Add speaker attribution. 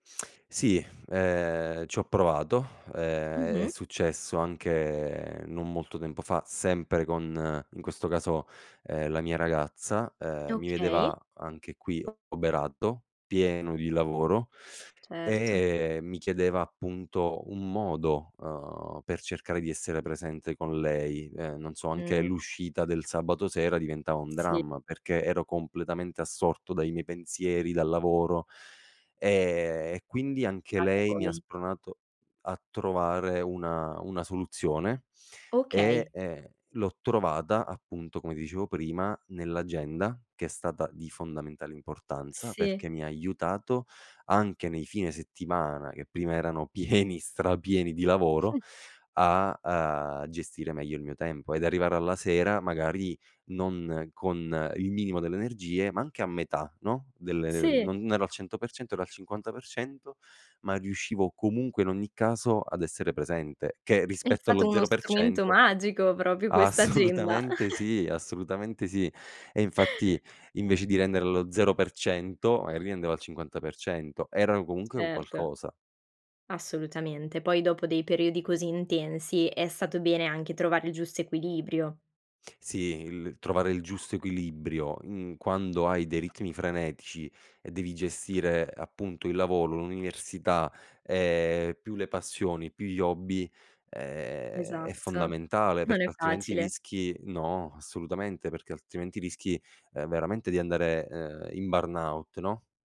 Speaker 1: Sì, ehm, ci ho provato. Ehm, è
Speaker 2: Mh-mh.
Speaker 1: successo anche non molto tempo fa sempre con, in questo caso, ehm, la mia ragazza: ehm, mi
Speaker 2: Okay.
Speaker 1: vedeva anche qui oberato, pieno di lavoro
Speaker 2: Certo.
Speaker 1: e mi chiedeva appunto un modo, uhm, per cercare di essere presente con lei. Ehm, non so anche
Speaker 2: Mh.
Speaker 1: l'uscita del sabato sera diventava un
Speaker 2: Sì.
Speaker 1: dramma, perché ero completamente assorto dai miei pensieri, dal lavoro; ehm, e quindi anche
Speaker 2: [unintelligible]
Speaker 1: lei mi ha
Speaker 2: poi.
Speaker 1: spronato a trovare una una soluzione, e,
Speaker 2: Okay.
Speaker 1: ehm, l'ho trovata appunto come dicevo prima, nell'agenda che è stata di fondamentale importanza,
Speaker 2: Sì.
Speaker 1: perché mi ha aiutato anche nei fine settimana, che prima erano pieni, strapieni di lavoro, a, uhm, gestire meglio il mio tempo ed arrivare alla sera magari non con il minimo delle energie ma anche a metà, no, delle, ehm
Speaker 2: Sì.
Speaker 1: non ero al 100%, ero al 50%, ma riuscivo comunque in ogni caso ad essere presente, che
Speaker 2: È
Speaker 1: rispetto allo
Speaker 2: stato uno
Speaker 1: zero per
Speaker 2: strumento
Speaker 1: cento
Speaker 2: magico proprio questa agenda.
Speaker 1: assolutamente sì, assolutamente sì. E infatti invece di rendere lo 0% magari rendevo al 50%. Era comunque un
Speaker 2: Certo.
Speaker 1: qualcosa.
Speaker 2: Assolutamente. Poi dopo dei periodi così intensi è stato bene anche trovare il giusto equilibrio.
Speaker 1: Sì, il trovare il giusto equilibrio in quando hai dei ritmi frenetici e devi gestire appunto il lavoro, l'università, ehm, più le passioni, più gli hobby, ehm, è
Speaker 2: Esatto.
Speaker 1: fondamentale
Speaker 2: Non
Speaker 1: perché
Speaker 2: è
Speaker 1: altrimenti
Speaker 2: facile.
Speaker 1: rischi no, assolutamente perché altrimenti rischi, ehm, veramente di andare, ehm, in burnout, no.